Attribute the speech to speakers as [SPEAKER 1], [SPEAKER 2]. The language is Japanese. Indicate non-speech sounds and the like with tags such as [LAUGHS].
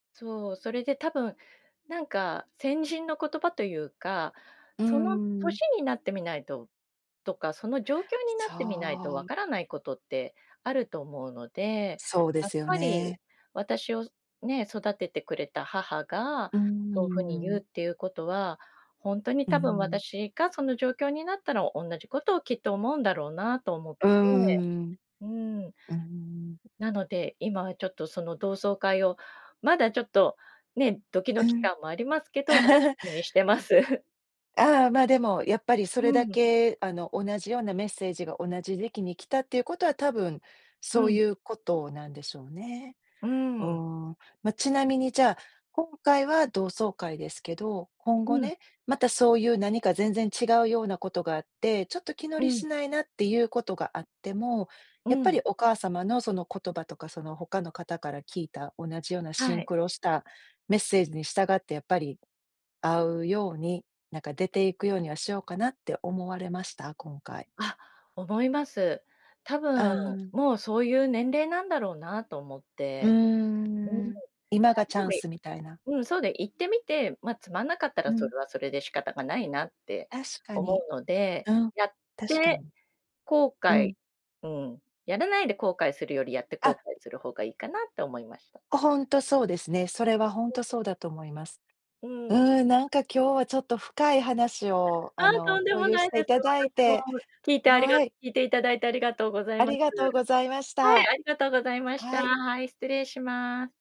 [SPEAKER 1] そう、それで多分、なんか、先人の言葉というか、
[SPEAKER 2] うー
[SPEAKER 1] その
[SPEAKER 2] ん。
[SPEAKER 1] 歳になってみないととか、その状況にな
[SPEAKER 2] そ
[SPEAKER 1] ってみないと
[SPEAKER 2] ん、
[SPEAKER 1] わ
[SPEAKER 2] み
[SPEAKER 1] か
[SPEAKER 2] て
[SPEAKER 1] らない
[SPEAKER 2] る。
[SPEAKER 1] ことってあると思うので、
[SPEAKER 2] そうで
[SPEAKER 1] やっ
[SPEAKER 2] すよ
[SPEAKER 1] ぱり
[SPEAKER 2] ね。
[SPEAKER 1] 私をね、育ててくれた母が
[SPEAKER 2] うー
[SPEAKER 1] そうふに言う
[SPEAKER 2] ん。
[SPEAKER 1] っていうことは、ほんとに
[SPEAKER 2] うー
[SPEAKER 1] 多分
[SPEAKER 2] ん。
[SPEAKER 1] 私がその状況になったら、同じことをきっと思うんだろうなと思って、
[SPEAKER 2] うーん。
[SPEAKER 1] うーん。
[SPEAKER 2] うーん。
[SPEAKER 1] なので、今はちょっとその同窓会をまだちょっとね、ドキ
[SPEAKER 2] う
[SPEAKER 1] ドキ
[SPEAKER 2] ん。
[SPEAKER 1] 感もありますけど、そういう
[SPEAKER 2] [LAUGHS]
[SPEAKER 1] 風にしてま
[SPEAKER 2] あっ、
[SPEAKER 1] す。
[SPEAKER 2] ああ、ま、でも、やっぱりそ
[SPEAKER 1] う
[SPEAKER 2] れだ
[SPEAKER 1] ーん。
[SPEAKER 2] け、あの、同じようなメッセージが同じ時期に来たっていうことは多分、
[SPEAKER 1] う
[SPEAKER 2] そう
[SPEAKER 1] ん。
[SPEAKER 2] いうことなんでしょうね。
[SPEAKER 1] うー
[SPEAKER 2] う
[SPEAKER 1] ん。
[SPEAKER 2] ーん。ま、ちなみに、じゃあ、今回は同窓会ですけど、今後
[SPEAKER 1] うん。
[SPEAKER 2] ね、またそういう何か全然違うようなことがあって、ちょっと気乗
[SPEAKER 1] う
[SPEAKER 2] り
[SPEAKER 1] ん。
[SPEAKER 2] しないなっていうことがあっても、やっ
[SPEAKER 1] う
[SPEAKER 2] ぱ
[SPEAKER 1] ん。
[SPEAKER 2] りお母様のその言葉とか、その他の方から聞いた同じようなシ
[SPEAKER 1] は
[SPEAKER 2] ン
[SPEAKER 1] い。
[SPEAKER 2] クロしたメッセージに従って、やっぱり会うように、なんか、出ていくようにはしようかなって思われました？今回。
[SPEAKER 1] あ、思います。多
[SPEAKER 2] あ
[SPEAKER 1] 分
[SPEAKER 2] あ。
[SPEAKER 1] もう、そういう年齢なんだろうなと思っ
[SPEAKER 2] うー
[SPEAKER 1] て。うーん。
[SPEAKER 2] ん、
[SPEAKER 1] ら
[SPEAKER 2] 今がチャ
[SPEAKER 1] ぶ
[SPEAKER 2] ン
[SPEAKER 1] い
[SPEAKER 2] スみたいな。
[SPEAKER 1] うん、そう、で、行ってみて、ま、つまんなかった
[SPEAKER 2] う
[SPEAKER 1] ら、そ
[SPEAKER 2] ん。
[SPEAKER 1] れはそれで仕方がないなって
[SPEAKER 2] 確か
[SPEAKER 1] 思
[SPEAKER 2] に。
[SPEAKER 1] うので。
[SPEAKER 2] うん。
[SPEAKER 1] やっ
[SPEAKER 2] 確か
[SPEAKER 1] て
[SPEAKER 2] に。
[SPEAKER 1] 後
[SPEAKER 2] う
[SPEAKER 1] 悔、
[SPEAKER 2] ん。
[SPEAKER 1] うん、やらないで後悔するより、やって
[SPEAKER 2] あ。
[SPEAKER 1] 後悔する方がいいかなって思いました。
[SPEAKER 2] ほほんとそうですね。それは、ほんと
[SPEAKER 1] [UNINTELLIGIBLE]
[SPEAKER 2] そうだと思います。
[SPEAKER 1] うーん。
[SPEAKER 2] うーん、なんか、今日は、ちょっと深い話を、あ
[SPEAKER 1] あ、と
[SPEAKER 2] の、
[SPEAKER 1] んで
[SPEAKER 2] 共
[SPEAKER 1] も
[SPEAKER 2] 有
[SPEAKER 1] ない
[SPEAKER 2] して
[SPEAKER 1] で
[SPEAKER 2] い
[SPEAKER 1] す。
[SPEAKER 2] ただい
[SPEAKER 1] 私も
[SPEAKER 2] て
[SPEAKER 1] 聞いてありが
[SPEAKER 2] はい。
[SPEAKER 1] 聞いていただいて、ありがとうござい
[SPEAKER 2] あ
[SPEAKER 1] ます。
[SPEAKER 2] りがとうございまし
[SPEAKER 1] はい、
[SPEAKER 2] た。
[SPEAKER 1] ありがとうございました。
[SPEAKER 2] はい。
[SPEAKER 1] はい、失礼します。